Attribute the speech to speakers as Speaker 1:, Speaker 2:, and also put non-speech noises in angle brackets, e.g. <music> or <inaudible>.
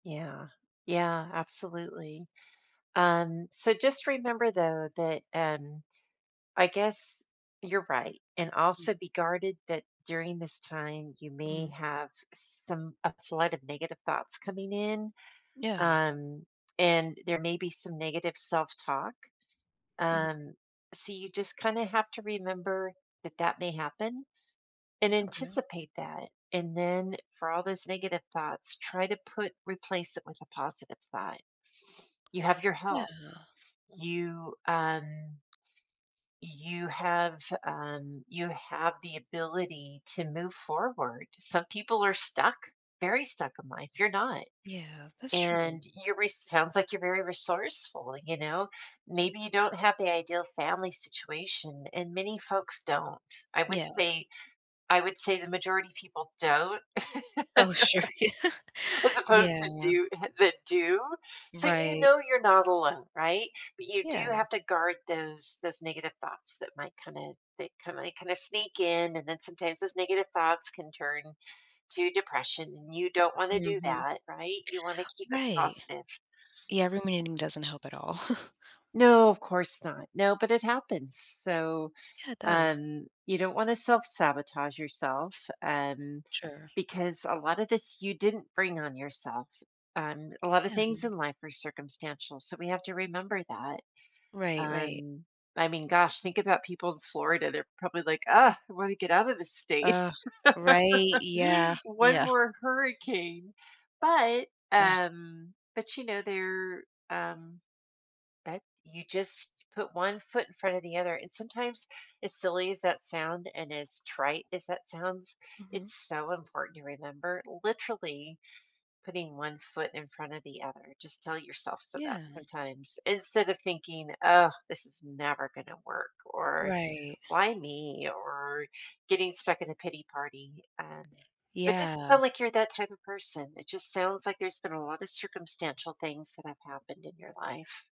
Speaker 1: Yeah, yeah absolutely. Um, so just remember though that, um, I guess you're right and also be guarded that during this time you may
Speaker 2: Mhm.
Speaker 1: have some a flood of negative thoughts coming in,
Speaker 2: Yeah.
Speaker 1: um, and there may be some negative self-talk.
Speaker 2: Mhm.
Speaker 1: Um, so you just kinda have to remember that that may happen and
Speaker 2: Okay.
Speaker 1: anticipate that and then for all those negative thoughts try to put replace it with a positive thought. <sniffs> You have your
Speaker 2: Yeah.
Speaker 1: health. You, um You have, um, you have the ability to move forward, some people are stuck, very stuck in life. You're not.
Speaker 2: Yeah. That's true.
Speaker 1: And your re sounds like you're very resourceful, you know. Maybe you don't have the ideal family situation and many folks don't. I would
Speaker 2: Yeah.
Speaker 1: say I would say the majority of people don't,
Speaker 2: Oh, sure.
Speaker 1: <chuckles> as opposed
Speaker 2: Yeah.
Speaker 1: to
Speaker 2: Yeah.
Speaker 1: do that do. So you
Speaker 2: Right.
Speaker 1: know you're not alone, right? But you do
Speaker 2: Yeah.
Speaker 1: have to guard those those negative thoughts that might kinda they kinda sneak in, and then sometimes those negative thoughts can turn to depression and you don't wanna do
Speaker 2: Mhm.
Speaker 1: that, right? You want to keep it
Speaker 2: Right.
Speaker 1: positive.
Speaker 2: Yeah, ruminating doesn't help at all. <chuckles>
Speaker 1: No, of course not. No, but it happens, so,
Speaker 2: Yeah. It does.
Speaker 1: um, you don't wanna self-sabotage yourself, and
Speaker 2: Sure.
Speaker 1: because a lot of this you didn't bring on yourself. Um, a lot of
Speaker 2: Yeah.
Speaker 1: things in life are circumstantial, so we have to remember that.
Speaker 2: Right, right.
Speaker 1: Um, I mean, gosh, think about people in Florida, they're probably like, "Ugh, I want to get out of the state."
Speaker 2: Ugh. Right, yeah,
Speaker 1: <laughs> One
Speaker 2: yeah.
Speaker 1: more hurricane. But,
Speaker 2: Ugh.
Speaker 1: um, but, you know, they're, um, that you just put one foot in front of the other. And sometimes as silly as that sound and as trite as that sounds,
Speaker 2: Mhm.
Speaker 1: it's so important to remember literally putting one foot in front of the other. Just tell yourself so that
Speaker 2: Yeah.
Speaker 1: sometimes instead of thinking, "Oh, this is never gonna work," or
Speaker 2: Right.
Speaker 1: "Why me?" or getting stuck in a pity party um, but doesn't
Speaker 2: Yeah.
Speaker 1: sound like you're that type of person. It just sounds like there's been a lot of circumstantial things that have happened in your life.